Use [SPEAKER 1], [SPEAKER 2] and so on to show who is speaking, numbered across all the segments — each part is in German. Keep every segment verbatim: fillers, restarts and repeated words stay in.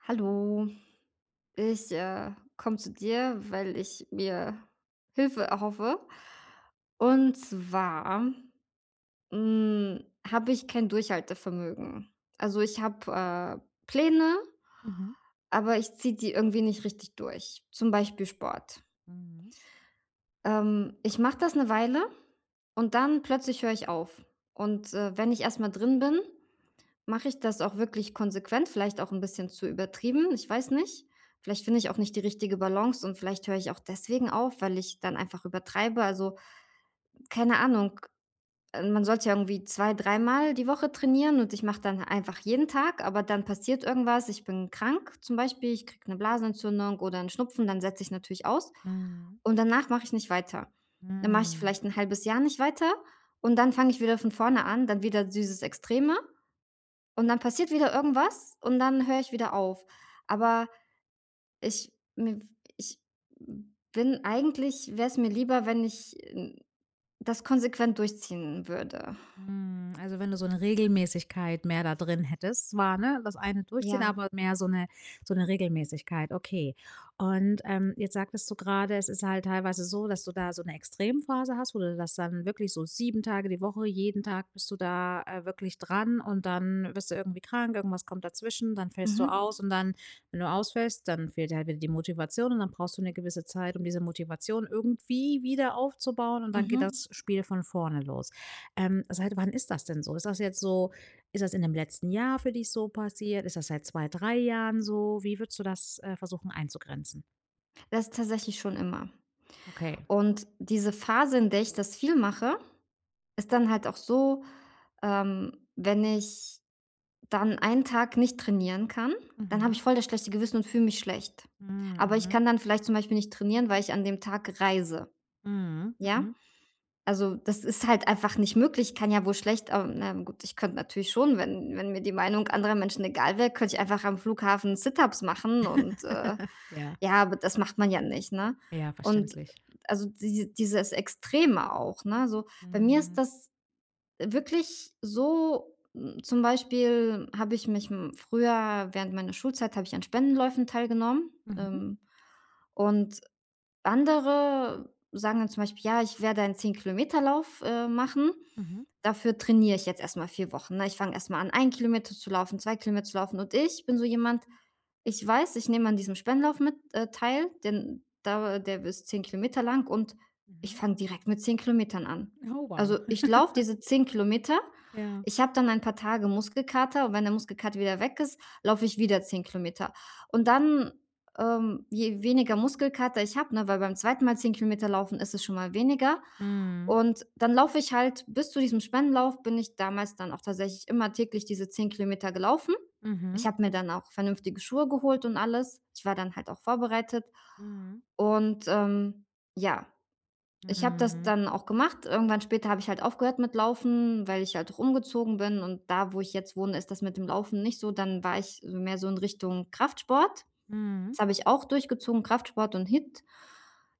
[SPEAKER 1] Hallo, ich, äh, komme zu dir, weil ich mir Hilfe erhoffe, und zwar, ähm, hm, habe ich kein Durchhaltevermögen. Also, ich habe, äh, Pläne,
[SPEAKER 2] Mhm.
[SPEAKER 1] aber ich ziehe die irgendwie nicht richtig durch, zum Beispiel Sport.
[SPEAKER 2] Mhm.
[SPEAKER 1] Ähm, ich mache das 'ne Weile und dann plötzlich höre ich auf. Und, äh, wenn ich erst mal drin bin, mache ich das auch wirklich konsequent, vielleicht auch 'n bisschen zu übertrieben, ich weiß nicht. Vielleicht finde ich auch nicht die richtige Balance und vielleicht höre ich auch deswegen auf, weil ich dann einfach übertreibe. Also, keine Ahnung, ähm, man sollte ja irgendwie zwei, dreimal die Woche trainieren und ich mache dann einfach jeden Tag, aber dann passiert irgendwas. Ich bin krank zum Beispiel, ich kriege 'ne Blasenentzündung oder 'n Schnupfen, dann setze ich natürlich aus.
[SPEAKER 2] Mhm.
[SPEAKER 1] Und danach mache ich nicht weiter. Dann mache ich
[SPEAKER 2] Hm.
[SPEAKER 1] vielleicht 'n halbes Jahr nicht weiter und dann fange ich wieder von vorne an, dann wieder dieses Extreme und dann passiert wieder irgendwas und dann höre ich wieder auf. Aber ich, hm ich, hm, bin eigentlich wäre es mir lieber, wenn ich n das konsequent durchziehen würde.
[SPEAKER 2] Mhm, also, wenn du so 'ne Regelmäßigkeit mehr da drin hättest, war, ne, das eine durchziehen,
[SPEAKER 1] Ja.
[SPEAKER 2] aber wird mehr so 'ne so 'ne Regelmäßigkeit. Okay. Und, ähm, jetzt sagtest du grade, es ist halt teilweise so, dass du da so 'ne extrem Phase hast, wo du das dann wirklich so sieben Tage die Woche jeden Tag bist du da, äh, wirklich dran und dann wirst du irgendwie krank, irgendwas kommt dazwischen, dann fällst du
[SPEAKER 1] Mhm.
[SPEAKER 2] aus und dann, wenn du ausfällst, dann fehlt dir halt wieder die Motivation und dann brauchst du 'ne gewisse Zeit, um diese Motivation irgendwie wieder aufzubauen und dann geht
[SPEAKER 1] Mhm.
[SPEAKER 2] das Spiel von vorne los. Ähm, seit wann ist das denn so? Ist das jetzt so ist das in dem letzten Jahr für dich so passiert? Ist das seit zwei, drei Jahren so? Wie würdest du das, äh, versuchen, einzugrenzen?
[SPEAKER 1] Das ist tatsächlich schon immer,
[SPEAKER 2] Okay.
[SPEAKER 1] und diese Phase, in der ich das viel mache, ist dann halt auch so, ähm, wenn ich dann einen Tag nicht trainieren kann, dann habe
[SPEAKER 2] Mhm.
[SPEAKER 1] ich voll das schlechte Gewissen und fühle mich schlecht.
[SPEAKER 2] Hm.
[SPEAKER 1] Aber ich
[SPEAKER 2] Mhm.
[SPEAKER 1] kann dann vielleicht zum Beispiel nicht trainieren, weil ich an dem Tag reise.
[SPEAKER 2] Mhm,
[SPEAKER 1] Ja,
[SPEAKER 2] mhm.
[SPEAKER 1] also, das ist halt einfach nicht möglich, kann ja wohl schlecht ah, na gut, ich könnte natürlich schon, wenn wenn mir die Meinung anderer Menschen egal wäre, könnte ich einfach am Flughafen Sit-ups machen und, äh,
[SPEAKER 2] Ja.
[SPEAKER 1] ja, aber das macht man ja nicht, ne?
[SPEAKER 2] Ja,
[SPEAKER 1] Und,
[SPEAKER 2] verständlich.
[SPEAKER 1] also, diese dieses Extreme auch, ne, so bei mir ist
[SPEAKER 2] Mhm.
[SPEAKER 1] das wirklich so, hm, zum Beispiel habe ich mich hm, früher während meiner Schulzeit habe ich an Spendenläufen teilgenommen.
[SPEAKER 2] Mhm.
[SPEAKER 1] Ähm, und andere sagen dann zum Beispiel: „Ja, ich werde einen zehn Kilometer Lauf, äh, machen.
[SPEAKER 2] Mhm.
[SPEAKER 1] Dafür trainiere ich jetzt erst mal vier Wochen”, ne? Ich fange erst mal an, ein Kilometer zu laufen, zwei Kilometer zu laufen, und ich bin so jemand, ich weiß, ich nehme an diesem Spendenlauf mit äh, teil, denn da der ist zehn Kilometer lang und ich
[SPEAKER 2] Mhm.
[SPEAKER 1] fange direkt mit zehn Kilometern an.
[SPEAKER 2] Oh, wow.
[SPEAKER 1] Also, ich laufe diese zehn Kilometer,
[SPEAKER 2] Ja.
[SPEAKER 1] ich habe dann ein paar Tage Muskelkater und wenn der Muskelkater wieder weg ist, laufe ich wieder zehn Kilometer. Und dann, ähm, je weniger Muskelkater ich habe, ne weil beim zweiten Mal zehn Kilometer laufen ist es schon mal weniger
[SPEAKER 2] Mhm.
[SPEAKER 1] und dann laufe ich halt bis zu diesem Spendenlauf bin ich damals dann auch tatsächlich immer täglich diese zehn Kilometer gelaufen. Ich
[SPEAKER 2] Mhm.
[SPEAKER 1] habe mir dann auch vernünftige Schuhe geholt und alles, ich war dann halt auch vorbereitet
[SPEAKER 2] Mhm.
[SPEAKER 1] und, ähm, ja, ich habe das
[SPEAKER 2] Mhm.
[SPEAKER 1] dann auch gemacht. Irgendwann später habe ich halt aufgehört mit Laufen, weil ich halt rumgezogen bin, und da, wo ich jetzt wohne, ist das mit dem Laufen nicht so. Dann war ich so mehr so in Richtung Kraftsport,
[SPEAKER 2] Mhm.
[SPEAKER 1] das habe ich auch durchgezogen: Kraftsport und HIIT.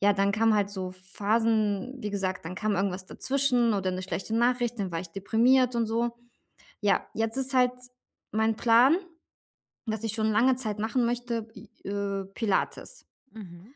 [SPEAKER 1] Ja, dann kamen halt so Phasen, wie gesagt, dann kam irgendwas dazwischen oder 'ne schlechte Nachricht, dann war ich deprimiert und so. Ja, jetzt ist halt mein Plan, was ich schon lange Zeit machen möchte, i äh, Pilates.
[SPEAKER 2] Mhm.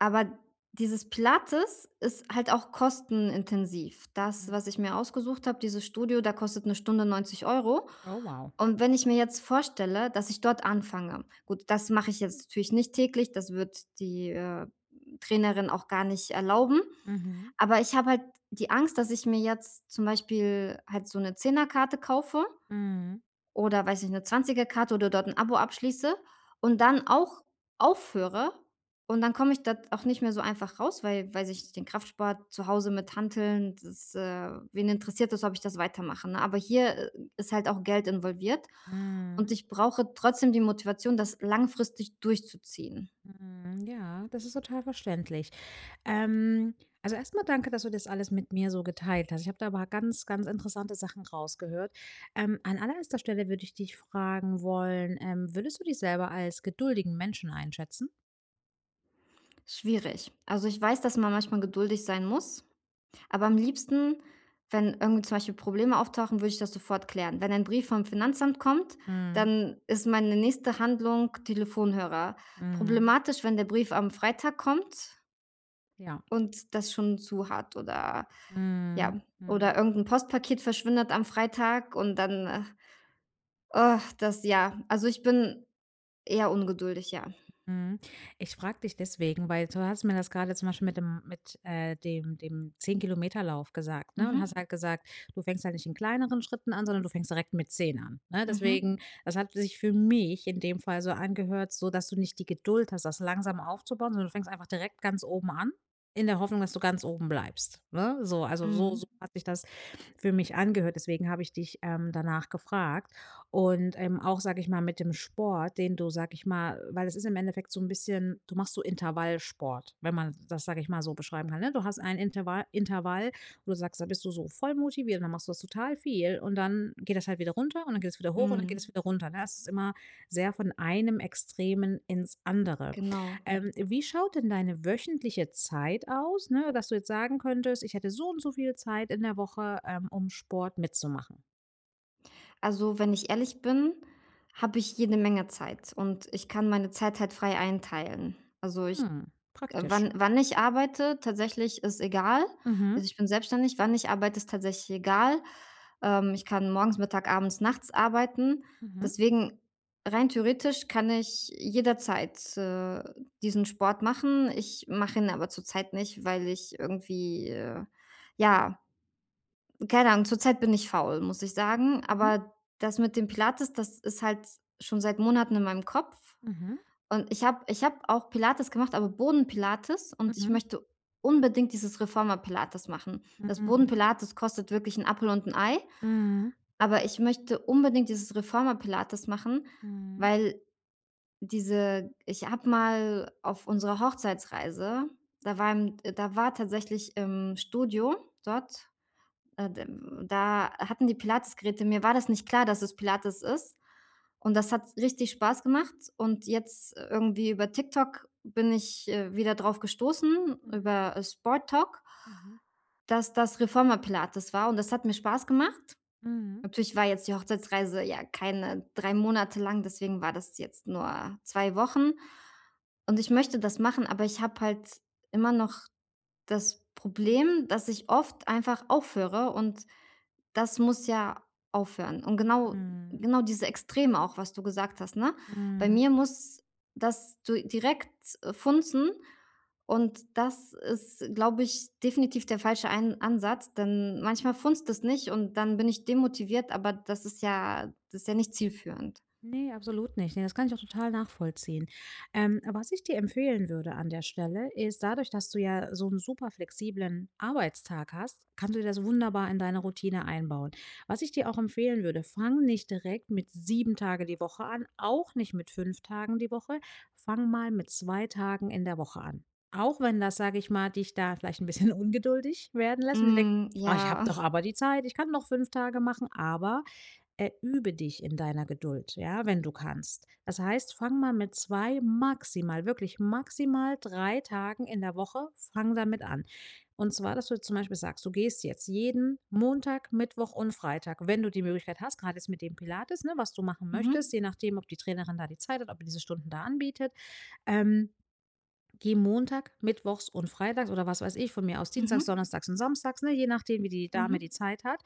[SPEAKER 1] Aber dieses Pilates ist halt auch kostenintensiv. Das,
[SPEAKER 2] Hm.
[SPEAKER 1] was ich mir ausgesucht habe, dieses Studio, da kostet 'ne Stunde neunzig Euro,
[SPEAKER 2] Oh, wow.
[SPEAKER 1] und wenn ich mir jetzt vorstelle, dass ich dort anfange gut, das mache ich jetzt natürlich nicht täglich, das wird die, äh, Trainerin auch gar nicht erlauben.
[SPEAKER 2] Mhm.
[SPEAKER 1] Aber ich habe halt die Angst, dass ich mir jetzt zum Beispiel halt so 'ne Zehnerkarte kaufe
[SPEAKER 2] Mhm.
[SPEAKER 1] oder, weiß nicht, 'ne Zwanzigerkarte oder dort 'n Abo abschließe und dann auch aufhöre und dann komme ich dort auch nicht mehr so einfach raus. Weil weil sich den Kraftsport zu Hause mit Hanteln, das äh, wen interessiert das, ob ich das weitermache, ne, aber hier ist halt auch Geld involviert und
[SPEAKER 2] Mhm.
[SPEAKER 1] ich brauche trotzdem die Motivation, das langfristig durchzuziehen.
[SPEAKER 2] Mhm, ja, das ist total verständlich. Ähm, also, erst mal danke, dass du das alles mit mir so geteilt hast. Ich habe da aber ganz, ganz interessante Sachen rausgehört. Ähm, an allererster Stelle würde ich dich fragen wollen, ähm: „Würdest du dich selber als geduldigen Menschen einschätzen?”
[SPEAKER 1] Schwierig. Also, ich weiß, dass man manchmal geduldig sein muss, aber am liebsten, wenn irgendwie zum Beispiel Probleme auftauchen, würde ich das sofort klären. Wenn ein Brief vom Finanzamt kommt,
[SPEAKER 2] Mhm.
[SPEAKER 1] dann ist meine nächste Handlung Telefonhörer.
[SPEAKER 2] Mhm.
[SPEAKER 1] Problematisch, wenn der Brief am Freitag kommt
[SPEAKER 2] Ja.
[SPEAKER 1] und das schon zu hat oder ja,
[SPEAKER 2] Mhm. Mhm.
[SPEAKER 1] oder irgend 'n Postpaket verschwindet am Freitag und dann, äh das ja, also, ich bin eher ungeduldig, ja.
[SPEAKER 2] Mhm, ich frage dich deswegen, weil du hast mir das grade zum Beispiel mit dem mit, äh, dem dem zehn Kilometer Lauf gesagt, ne, und da hast
[SPEAKER 1] Mhm.
[SPEAKER 2] du halt gesagt: „Du fängst halt nicht in kleineren Schritten an, sondern du fängst direkt mit zehn an”, ne?
[SPEAKER 1] Mhm.
[SPEAKER 2] Deswegen, das hat sich für mich in dem Fall so angehört, so, dass du nicht die Geduld hast, das langsam aufzubauen, sondern du fängst einfach direkt ganz oben an, in der Hoffnung, dass du ganz oben bleibst, ne? So also, so so
[SPEAKER 1] Mhm.
[SPEAKER 2] hat sich das für mich angehört, deswegen habe ich dich, ähm, danach gefragt und, ähm, auch, sage ich mal, mit dem Sport, den du, sage ich mal weil es ist im Endeffekt so 'n bisschen du machst so Intervallsport, wenn man das, sage ich mal, so beschreiben kann, ne? Du hast ein Interva Intervall, wo du sagst: „Da bist du so voll motiviert, dann machst du das total viel, und dann geht das halt wieder runter und dann geht's wieder hoch und dann geht's
[SPEAKER 1] Mhm.
[SPEAKER 2] wieder runter”, ne? Es ist immer sehr von einem Extremen ins andere.
[SPEAKER 1] Genau.
[SPEAKER 2] Ähm, wie schaut denn deine wöchentliche Zeit aus, ne, dass du jetzt sagen könntest: „Ich hätte so und so viel Zeit in der Woche, ähm, um Sport mitzumachen?“
[SPEAKER 1] Also, wenn ich ehrlich bin, habe ich jede Menge Zeit und ich kann meine Zeit halt frei einteilen, also, ich
[SPEAKER 2] Hm,
[SPEAKER 1] äh,
[SPEAKER 2] praktisch.
[SPEAKER 1] wann wann ich arbeite tatsächlich, ist egal.
[SPEAKER 2] Mhm.
[SPEAKER 1] Also, ich bin selbstständig, wann ich arbeite, ist tatsächlich egal, ähm, ich kann morgens, Mittag, abends, nachts arbeiten,
[SPEAKER 2] Mhm.
[SPEAKER 1] deswegen rein theoretisch kann ich jederzeit, äh, diesen Sport machen. Ich mache ihn aber zurzeit nicht, weil ich irgendwie, äh, ja, keine Ahnung, zurzeit bin ich faul, muss ich sagen,
[SPEAKER 2] Mhm.
[SPEAKER 1] aber das mit dem Pilates, das ist halt s schon seit Monaten in meinem Kopf,
[SPEAKER 2] Mhm.
[SPEAKER 1] und ich habe ich habe auch Pilates gemacht, aber Boden-Pilates, und ich
[SPEAKER 2] Mhm.
[SPEAKER 1] möchte unbedingt dieses Reformer-Pilates machen. Das
[SPEAKER 2] Mhm.
[SPEAKER 1] Boden-Pilates kostet wirklich 'n Appel und 'n Ei,
[SPEAKER 2] Mhm.
[SPEAKER 1] aber ich möchte unbedingt dieses Reformer-Pilates machen,
[SPEAKER 2] Mhm.
[SPEAKER 1] weil diese ich habe mal auf unserer Hochzeitsreise, da waren äh, da war tatsächlich im Studio dort äh, d da hatten die Pilates-Geräte. Mir war das nicht klar, dass es Pilates ist, und das hat richtig Spaß gemacht und jetzt, äh, irgendwie über TikTok bin ich, äh, wieder drauf gestoßen
[SPEAKER 2] Mhm.
[SPEAKER 1] über Sporttalk
[SPEAKER 2] Mhm.
[SPEAKER 1] dass das Reformer-Pilates war, und das hat mir Spaß gemacht.
[SPEAKER 2] Mhm.
[SPEAKER 1] Natürlich war jetzt die Hochzeitsreise, ja, keine drei Monate lang, deswegen war das jetzt nur zwei Wochen. Und ich möchte das machen, aber ich habe halt immer noch das Problem, dass ich oft einfach aufhöre, und das muss ja aufhören. Und genau
[SPEAKER 2] Mhm.
[SPEAKER 1] genau diese Extreme auch, was du gesagt hast, ne, bei
[SPEAKER 2] Mhm.
[SPEAKER 1] mir muss das du direkt funzen und das ist, glaube ich, definitiv der falsche ein Ansatz, denn manchmal funzt es nicht und dann bin ich demotiviert, aber das ist ja das ist ja nicht zielführend.
[SPEAKER 2] Ne, absolut nicht, ne, das kann ich auch total nachvollziehen. Ähm, was ich dir empfehlen würde an der Stelle ist, dadurch, dass du ja so 'n superflexiblen Arbeitstag hast, kannst du dir das wunderbar in deine Routine einbauen. Was ich dir auch empfehlen würde: „Fange nicht direkt mit sieben Tage die Woche an, auch nicht mit fünf Tagen die Woche, fange mal mit zwei Tagen in der Woche an.” Auch wenn das, sage ich mal, dich da vielleicht 'n bisschen ungeduldig werden lässt und du denk
[SPEAKER 1] Mhm,
[SPEAKER 2] „Ah, ich habe
[SPEAKER 1] ja.
[SPEAKER 2] doch aber die Zeit, ich kann doch fünf Tage machen“, aber, äh, übe dich in deiner Geduld, ja, wenn du kannst. Das heißt, fange mal mit zwei, maximal, wirklich maximal drei Tagen in der Woche, fange damit an. Und zwar, dass du zum Beispiel sagst, du gehst jetzt jeden Montag, Mittwoch und Freitag, wenn du die Möglichkeit hast, grade jetzt mit dem Pilates, ne, was du machen möchtest,
[SPEAKER 1] Mhm.
[SPEAKER 2] je nachdem, ob die Trainerin da die Zeit hat, ob die diese Stunden da anbietet. Ähm, gehe Montag, mittwochs und freitags oder was weiß ich, von mir aus dienstags,
[SPEAKER 1] Mhm.
[SPEAKER 2] donnerstags und samstags, ne, je nachdem, wie die Dame die
[SPEAKER 1] Mhm.
[SPEAKER 2] Zeit hat,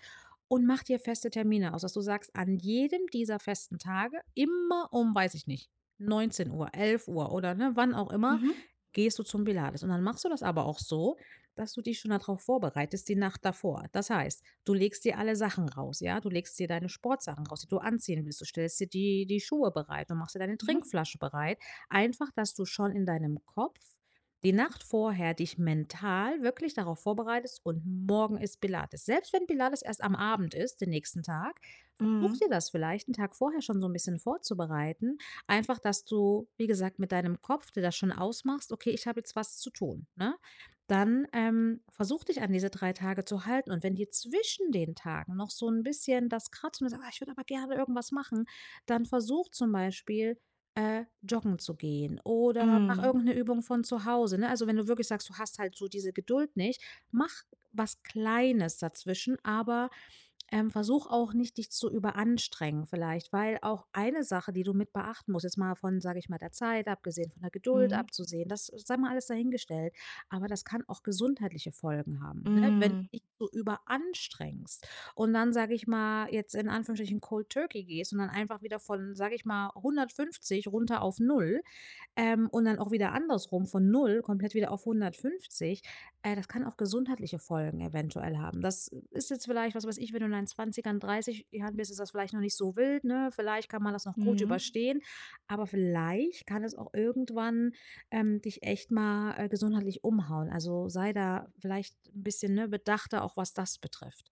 [SPEAKER 2] und mache dir feste Termine aus, dass du sagst: „An jedem dieser festen Tage immer um”, weiß ich nicht „neunzehn Uhr, elf Uhr”, oder, ne, wann auch immer
[SPEAKER 1] Mhm.
[SPEAKER 2] „gehst du zum Pilates.” Und dann machst du das aber auch so, dass du dich schon da drauf vorbereitest, die Nacht davor. Das heißt, du legst dir alle Sachen raus, ja, du legst dir deine Sportsachen raus, die du anziehen willst, du stellst dir die die Schuhe bereit und machst dir deine
[SPEAKER 1] Mhm.
[SPEAKER 2] Trinkflasche bereit. Einfach, dass du schon in deinem Kopf die Nacht vorher dich mental wirklich darauf vorbereitest: „Und morgen ist Pilates”, selbst wenn Pilates erst am Abend ist den nächsten Tag, versuche,
[SPEAKER 1] Mhm.
[SPEAKER 2] dir das vielleicht 'n Tag vorher schon so 'n bisschen vorzubereiten, einfach, dass du, wie gesagt, mit deinem Kopf dir das schon ausmachst: „Okay, ich habe jetzt was zu tun”, ne? Dann, ähm, versuche, dich an diese drei Tage zu halten, und wenn dir zwischen den Tagen noch so 'n bisschen das kratzt und du sagst: „Ah, ich würde aber gerne irgendwas machen“, dann versuche, zum Beispiel, äh, joggen zu gehen oder mache
[SPEAKER 1] Hm.
[SPEAKER 2] irgend 'ne Übung von zu Hause, ne? Also, wenn du wirklich sagst, du hast halt so diese Geduld nicht, mache was Kleines dazwischen, aber, ähm, versuche auch nicht, dich zu überanstrengen vielleicht, weil auch eine Sache, die du mit beachten musst, jetzt mal von, sage ich mal, der Zeit abgesehen, von der Geduld
[SPEAKER 1] Mhm.
[SPEAKER 2] abzusehen das sei mal alles dahingestellt, aber das kann auch gesundheitliche Folgen haben, ne, wenn du
[SPEAKER 1] Hm.
[SPEAKER 2] dich so überanstrengst und dann, sage ich mal, jetzt in Anführungsstrichen, Cold Turkey gehst und dann einfach wieder von, sage ich mal, hundertfünfzig runter auf null, ähm, und dann auch wieder andersrum von null komplett wieder auf hundertfünfzig, äh, das kann auch gesundheitliche Folgen eventuell haben. Das ist jetzt vielleicht was weiß ich, wenn du in deinen zwanzigern, dreißig Jahren bist, ist das vielleicht noch nicht so wild, ne, vielleicht kann man das noch gut
[SPEAKER 1] Mhm.
[SPEAKER 2] überstehen, aber vielleicht kann es auch irgendwann, ähm, dich echt mal, äh, gesundheitlich umhauen. Also sei da vielleicht 'n bisschen, ne, bedachter auch, was das betrifft.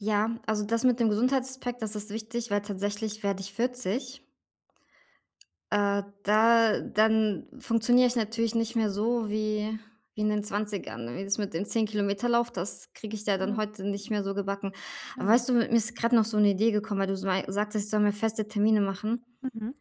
[SPEAKER 1] Ja, also, das mit dem Gesundheitsaspekt, das ist wichtig, weil tatsächlich werde ich vierzig. Äh, da dann funktioniere ich natürlich nicht mehr so wie wie in den zwanzigern, ne, wie das mit den zehn Kilometer Lauf, das kriege ich da dann
[SPEAKER 2] Ja.
[SPEAKER 1] heute nicht mehr so gebacken. Aber
[SPEAKER 2] Ja.
[SPEAKER 1] weißt du, mir mir ist grad noch so 'ne Idee gekommen, weil du mei sagtest: „Ich soll mir feste Termine machen”
[SPEAKER 2] Mhm.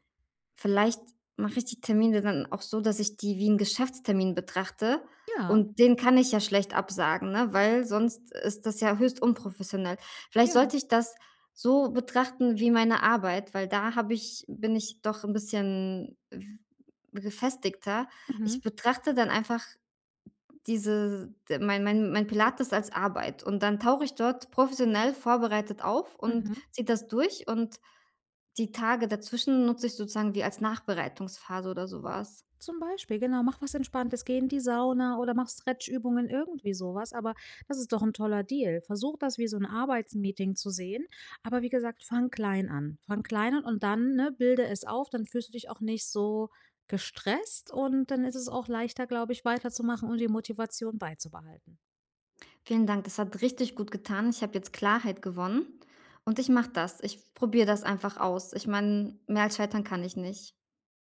[SPEAKER 1] vielleicht mache ich die Termine dann auch so, dass ich die wie 'n Geschäftstermin betrachte,
[SPEAKER 2] Ja.
[SPEAKER 1] und den kann ich ja schlecht absagen, ne, weil sonst ist das ja höchst unprofessionell. Vielleicht
[SPEAKER 2] Ja.
[SPEAKER 1] sollte ich das so betrachten wie meine Arbeit, weil da habe ich bin ich doch 'n bisschen w gefestigter. Ich
[SPEAKER 2] Mhm.
[SPEAKER 1] betrachte dann einfach diese d mein mein mein Pilates als Arbeit und dann tauche ich dort professionell vorbereitet auf und
[SPEAKER 2] Mhm.
[SPEAKER 1] ziehe das durch, und die Tage dazwischen nutze ich sozusagen wie als Nachbereitungsphase oder so was.
[SPEAKER 2] Zum Beispiel, genau, mache was Entspanntes, gehe in die Sauna oder mache Stretch-Übungen, irgendwie so was, aber das ist doch 'n toller Deal. Versuche, das wie so 'n Arbeitsmeeting zu sehen, aber, wie gesagt, fange klein an. Fange klein an und dann, ne, bilde es auf, dann fühlst du dich auch nicht so gestresst und dann ist es auch leichter, glaube ich, weiterzumachen und die Motivation beizubehalten.
[SPEAKER 1] Vielen Dank, das hat richtig gutgetan. Ich habe jetzt Klarheit gewonnen und ich mache das, ich probiere das einfach aus. Ich meine, mehr als Scheitern kann ich nicht.